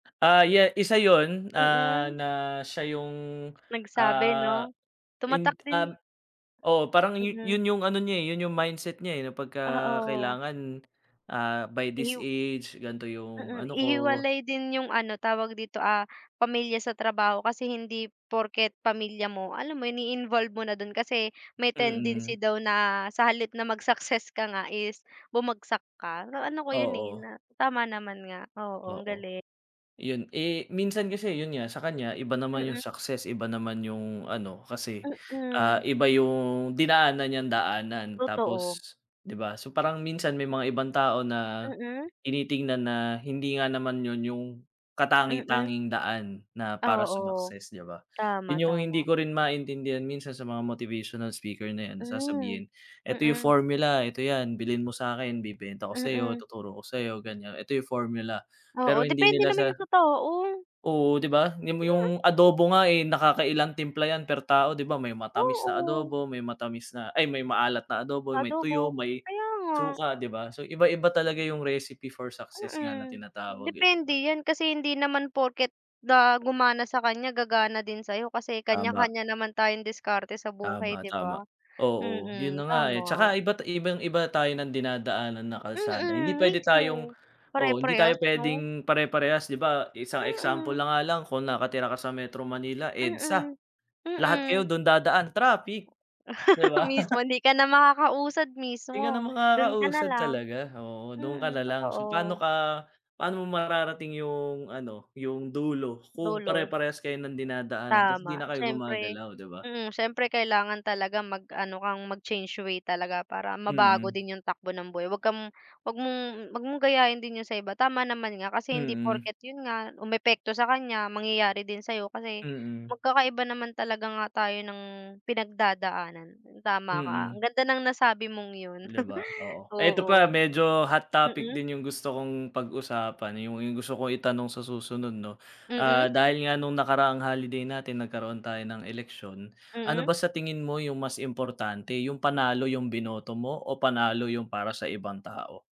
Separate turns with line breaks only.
Ah, ya isa yun, ah,
Mm.
na siya yung,
Nagsabi
ah,
no? Tumatak
ind
din
um oo parang yun
Mm.
yung ano niya, eh, yun yung mindset nya, eh, na pagka
Oo.
kailangan, ah, by this
Ihiw
age ganto yung
Mm,
ano ko.
ihiwalay din yung ano tawag dito, ah, pamilya sa trabaho. Kasi, hindi porket pamilya mo, alam mo yun i-involve mo na dun kasi may
Mm.
tendency daw na sa halip na mag success ka nga is bumagsak ka. Naano ko yun, eh,
Oo.
na tama naman nga, oo, ang
Oo.
galing.
Yun eh, minsan kasi yun nga sa kanya iba naman yung
Mm.
success iba naman yung ano kasi, ah,
Mm.
iba yung dinaanan niyang daanan.
Totoo.
Tapos, di ba. So, parang minsan may mga ibang tao na,
Mm.
tinitingnan na hindi nga naman yun yung
Mm.
katangi-tanging daan na para
Oo,
sumakses di ba.
tama,
Yun yung hindi
tama.
ko rin maintindihan minsan sa mga motivational speaker na yan, na
Mm,
sasabihin, "Eto yung
mm.
formula, eto yan. Bilhin mo sakin bibenta ko sayo,
Mm.
tuturo ko sa ganyan, eto yung formula" pero
Oo,
hindi
depende
nila sa
naman yun sa tao.
oo di ba. Ni mo
Mm.
yung adobo nga, eh, nakakailan timpla yan per tao di ba, may matamis na
Oo.
adobo, may matamis na ay may maalat na adobo,
Sa
may tuyo,
adobo,
may
kaya nga.
suka, di ba. So, iba-iba talaga yung recipe for success nga na
Mm,
tinatawag, eh, di
depende
ba?
yan. Kasi hindi naman porket na gumana sa kanya, gagana din sayo. Kasi
Tama.
kanya-kanya naman tayong diskarte sa buhay
Tama,
di
tama.
ba?
Oo, yun na
Mm,
nga, eh. Tsaka
tama.
iba't ibang-iba tayo ng dinadaanan na kalsada hindi
Mm,
pwede tayong
mismo.
oo, hindi tayo
Pare-parehas no?
pwedeng pare-parehas. Di ba, isang example
Mm.
na nga lang kung nakatira ka sa Metro Manila, EDSA-
Mm,
lahat kayo
mm.
dun dadaan- traffic, di ba?
Mismo hindi ka na makakausad
Hindi ka na
mismo. Dun ka na
makakausad
lang,
talaga, oo, dun ka
mm,
na lang so paano
totoo.
ka paano mo mararating yung ano yung dulo kung
Dulo.
pare-parehas kayo ng dinadaanan tapos hindi
Tama,
na kayo
syempre
gumagalaw, di ba?
mm. Syempre kailangan talaga mag-ano kang mag change way talaga para mabago
Mm.
din yung takbo ng buhay. Wag kang wag mong wag mong gayahin din yun sa iba tama naman nga, kasi hindi
Mm.
porket yun nga umepekto sa kanya mangyayari din sayo kasi,
Mm.
magkakaiba naman talaga nga tayo ng pinagdadaanan. Tama ka, ang
Mm.
ganda ng nasabi mong yun,
Di ba, oo. Eto pa,
oo.
medyo hot topic
Mm.
din yung gusto kong pag-usapan yung yung gusto kong itanong sa susunod no.
Mm.
Ah, dahil nga nung nakaraang holiday natin nagkaroon tayo ng eleksyon ano
Mm.
ba sa tingin mo yung mas importante, yung panalo yung binoto mo o panalo yung para sa ibang tao?